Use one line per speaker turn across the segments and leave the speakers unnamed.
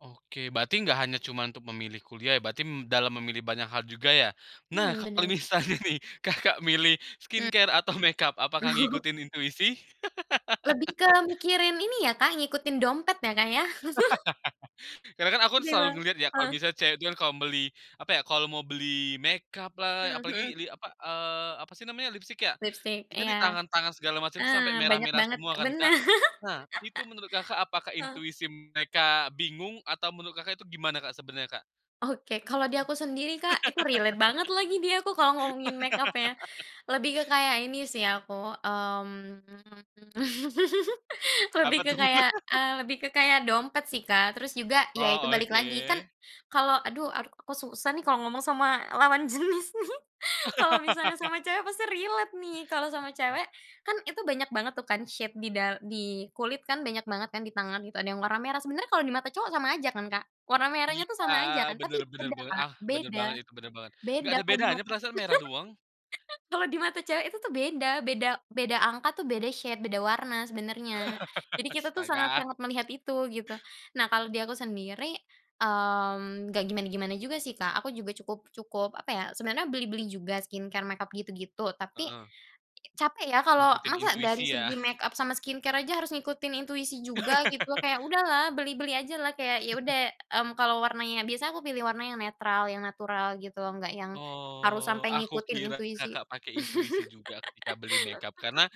Oke berarti nggak hanya cuma untuk memilih kuliah berarti dalam memilih banyak hal juga ya, nah
Mmm,
kalau
bener.
misalnya nih Kakak milih
Mmm.
skincare atau makeup apakah
Oh.
ngikutin intuisi?
Lebih ke mikirin ini ya Kak ngikutin dompet ya Kak ya.
Karena kan aku selalu
Ketimbang
ngelihat ya kalau
heeh.
misalnya cewek itu kan kalau mau beli apa ya, kalau mau beli makeup-lah
Mhm mhm.
apalagi li apa, eee, apa sih namanya lipstik ya,
Lipstik
itu
iya,
di tangan tangan segala macam itu
heeh,
sampai
banyak
merah-merah
banget
semua kan
bener,
Kak. Nah itu menurut Kakak apakah
heeh.
intuisi mereka bingung atau menurut Kakak itu gimana Kak sebenarnya Kak?
Oke kalau di aku sendiri Kak itu relate banget lagi dia aku kalau ngomongin makeup ya, lebih ke kayak ini sih aku, mmm lebih
Apa
ke lebih ke
tuh?
kayak eee, lebih ke kayak dompet sih Kak terus juga ya itu
Oh
balik lagi kan
oke.
kalau aduh aku susah nih kalau ngomong sama lawan jenis nih kalau misalnya sama cewek pasti relate nih kalau sama cewek, kan itu banyak banget tuh kan shade di da di kulit kan banyak banget kan di tangan gitu ada yang warna merah sebenarnya kalau di mata cowok sama aja kan Kak warna merahnya tuh
Iya
sama aja kan
bener
tapi
bener
beda
banget,
Kak,
ah, bener
beda,
banget itu bener banget. Nggak
beda
ada
kalau di
bedanya
mata
perasaan merah doang.
kalau di mata cewek itu tuh beda beda beda angka tuh beda shade beda warna sebenarnya. Jadi kita tuh
Astaga.
sangat-sangat melihat itu gitu, nah kalau di aku sendiri, mmm, nggak gimana gimana juga sih Kak aku juga cukup cukup apa ya sebenarnya beli-beli juga skincare makeup gitu gitu tapi,
Heeh.
capek ya kalau
Ngikutin
masa dari
intuisi ya.
segi makeup sama skin care aja harus ngikutin intuisi juga gitu loh kayak udahlah beli-beli ajalah kayak ya udah, mmm, kalau warnanya biasa aku pilih warna yang netral yang natural gitu nggak yang harus
Oh,
sampai
aku
ngikutin
kira
intuisi.
Kakak pakai intuisi juga ketika beli makeup karena,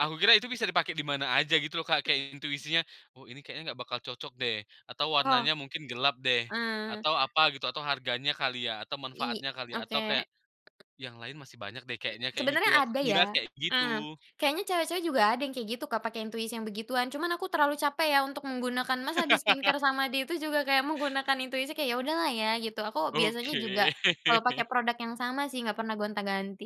aku kira itu bisa dipakai di mana aja gitu loh Kak kayak intuisinya, "Oh ini kayaknya gak bakal cocok deh," atau,
Oh,
"warnanya mungkin gelap deh,"
ah.
atau apa gitu atau harganya kali ya atau
I
manfaatnya kali atau
oke.
kayak yang lain masih banyak deh kayaknya kayak
Sebenarnya
gitu aku
ada
kira
ya
kayak
heeh,
gitu.
kayaknya cewek-cewek juga ada yang kayak gitu Kak pakai intuisi yang begituan cuman aku terlalu capek ya untuk menggunakan masa di-skincare sama dia itu juga kayak menggunakan intuisi kayak, "Ya udahlah ya," gitu, aku biasanya juga,
Oke.
kalau pakai produk yang sama sih nggak pernah gonta-ganti.